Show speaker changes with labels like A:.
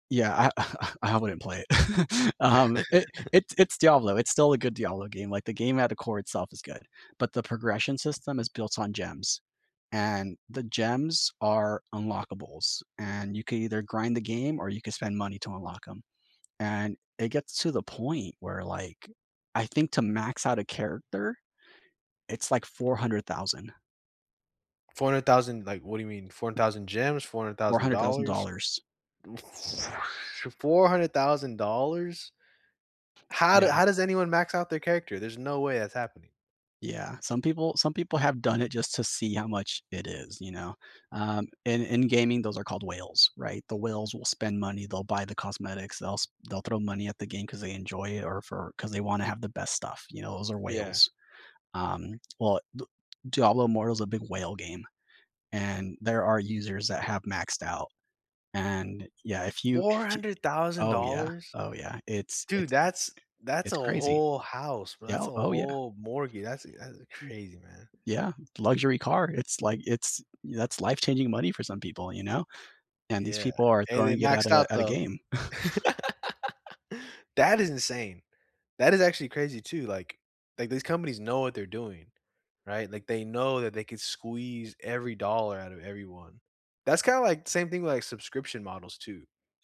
A: Yeah, I I I I wouldn't play it. Um, eh, it's it's Diablo; it's still a good Diablo game, like, the game at the core itself is good, but the progression system is built on gems, and the gems are unlockables, and you can either grind the game or you can spend money to unlock 'em, and it gets to the point where, like, I think to max out a character, it's like $400,000.
B: 400,000, like, what do you mean? 4,000 gems, four hundred
A: four
B: thousand
A: hundred thousand
B: dollars?
A: dollars.
B: $400,000? How do
A: Yeah.
B: how does anyone max out their character? There's no way that's happening.
A: Yeah, some people some people have done it just to see how much it is, you know? Um, in in gaming, those are called whales, right? The whales will spend money, they'll buy the cosmetics, they'll s they'll throw money at the game 'cause they enjoy it or for 'cause they wanna have the best stuff, you know? Those are
B: Yeah.
A: whales. Um, well, D Diablo Immortal's a big whale game and, there are users that have maxed out, and, yeah, if you
B: four
A: y
B: hundred thousand
A: Oh yeah,
B: dollars?
A: oh yeah, it's
B: Dude,
A: it's
B: that's that's a
A: it's crazy.
B: whole house, bro that's
A: Yeah,
B: a
A: oh yeah.
B: whole mortgage that's, eh that's
A: M
B: crazy, man.
A: yeah, luxury car. It's like it's that's life-changing money for some people, you know? And these
B: Yeah,
A: people are
B: and they
A: throwing it at
B: maxed
A: a
B: out,
A: at a
B: though.
A: game.
B: That is insane. That is actually crazy too, like like, these companies know what they're doing, right? Like, they know that they can squeeze every dollar outta everyone. That's kinda like same thing with, like, subscription models too.